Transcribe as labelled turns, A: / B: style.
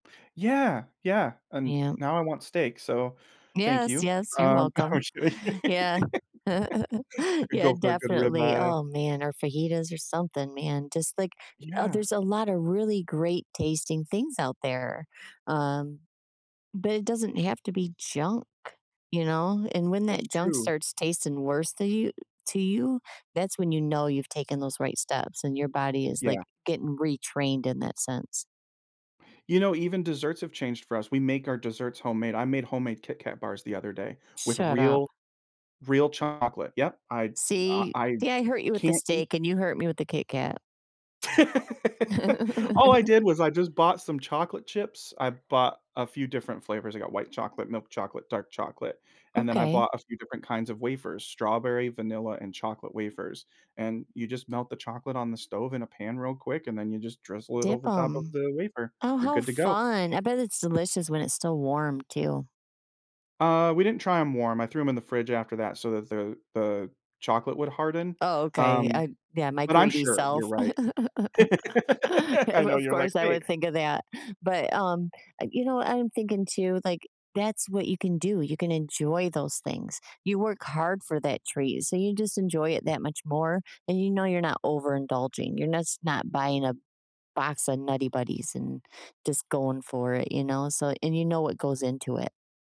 A: Yeah, yeah, and,
B: Yeah.
A: now I want steak, so, thank
B: Yes,
A: you.
B: yes. You're
A: Um, I
B: welcome.
A: wish I
B: Yeah.
A: I could
B: Yeah,
A: go for a good
B: definitely
A: ribeye.
B: oh, man, or fajitas or something, man, just like uh,
A: Yeah.
B: there's a lot of really great tasting things out there. Um, but it doesn't have to be junk, you know? And, when
A: That's
B: that junk
A: true.
B: starts tasting worse to you to you, that's when you know you've taken those right steps and your body is, like,
A: Yeah.
B: getting retrained in that sense.
A: You know, even desserts have changed for us, we make our desserts homemade, I made homemade KitKat bars the other day with
B: Shut up.
A: real real chocolate. Yep. I I
B: See
A: I
B: see, I hurt you with the
A: can't eat
B: steak and you hurt me with the KitKat.
A: All I did was I just bought some chocolate chips. I bought a few different flavors, I got white chocolate, milk chocolate, dark chocolate, and then I
B: Okay.
A: bought a few different kinds of wafers, strawberry, vanilla, and chocolate wafers. And, you just melt the chocolate on the stove in a pan real quick, and then you just drizzle it
B: Dip
A: over top of
B: 'em.
A: the wafer.
B: Oh,
A: You're
B: how
A: good to go.
B: fun. I bet it's delicious when it's still warm too.
A: Uh, we didn't try 'em warm, I threw them in the fridge after that so that the the chocolate would harden.
B: Oh, okay.
A: Um,
B: I yeah, my
A: but I'm
B: greedy
A: sure you're
B: self.
A: right. I
B: Of
A: know
B: of
A: you're, like,
B: course, I
A: "Wait."
B: would think of that, but, um uh, you know, I'm thinking, too, like, that's what you can do, you can enjoy those things. You work hard for that treat, so you just enjoy it that much more, and you know you're not overindulging. You're nos not buying a box of Nutty Buddys and just going for it, you know? So and you know what goes into it.